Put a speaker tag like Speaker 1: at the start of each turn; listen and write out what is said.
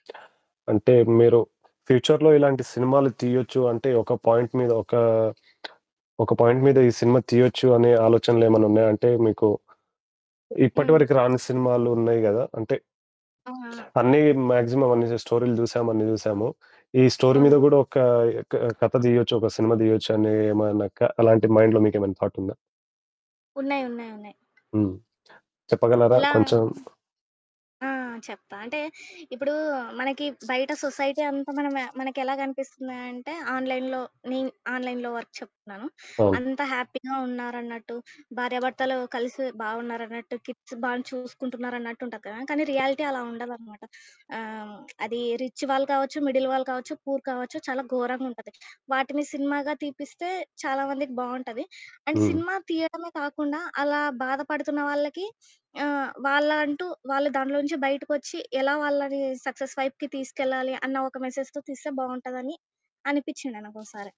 Speaker 1: అంటే, మీరు ఫ్యూచర్‌లో ఇలాంటి సినిమాలు తీయొచ్చు అంటే, ఒక పాయింట్ మీద ఒక, ఒక పాయింట్ మీద ఈ సినిమా తీయొచ్చు అనే ఆలోచనలేమన్నున్నాయంటే మీకు? ఇప్పటి
Speaker 2: హ్మ్.
Speaker 1: వరకు రాని సినిమాలున్నాయి గదా! అంటే
Speaker 2: ఔ! ఆ!
Speaker 1: అన్ని మాగ్జిమం అన్ని జ స్టోరీలు జూశాము, అన్ని జూశాము. ఈ స్టోరీ మీద
Speaker 2: అవును.
Speaker 1: గూడా ఒక ఎ క కథ దీయొచ్చొక సినిమా దీయొచ్చనీ ఏమన్న క అలాంటియి మైండ్‌లో మీకెమన్నా థాటుందా?
Speaker 2: ఉన్నాయి. ఉన్నాయి. ఉన్నాయి.
Speaker 1: హ్మ్. చెప్పగలరా
Speaker 2: ఎలా?
Speaker 1: కొంచెం?
Speaker 2: ఆ! చెప్తా. అంటే, ఇప్పుడూ మనకి బయట సొసైటీ అంతా మన మ మనకెలా గనిపిస్తుంది అంటే, ఆన్‌లైన్‌లో నేను ఆన్‌లైన్‌లో వరకు చెప్తున్నాను.
Speaker 1: అవును.
Speaker 2: అంతా హ్యాపీగా ఉన్నారన్నట్టు, భార్యాభర్తలు కలిసి బావున్నారన్నట్టు కిడ్స్ బానే చూసుకుంటున్నారన్నట్టుంటది కదా! కానీ రియాలిటీ అలా ఉండదనమాట. ఆహ్, హ్మ్. అది రిచ్ వాళ్ళు కావచ్చు, మిడిల్ వాళ్ళు కావచ్చు, పూర్ కావచ్చు, చాలా ఘోరంగుంటది. వాటిని సినిమాగా తీపిస్తే చాలామందికి బావుంటది, అండ్
Speaker 1: హ్మ్.
Speaker 2: సినిమా తియ్యడమే కాకుండా, అలా బాధపడుతున్న వాళ్ళకి ఆహ్, వాళ్ళ అంటూ, వాళ్ళు దాన్లోంచి బయటకొచ్చి, ఎలా వాళ్ళని సక్సస్ వైపుకి తీసుకెళ్లాలి అన్న ఒక మెసేజ్‌తో తీస్తే బావుంటదని అనిపిచ్చింది నాకోసారి.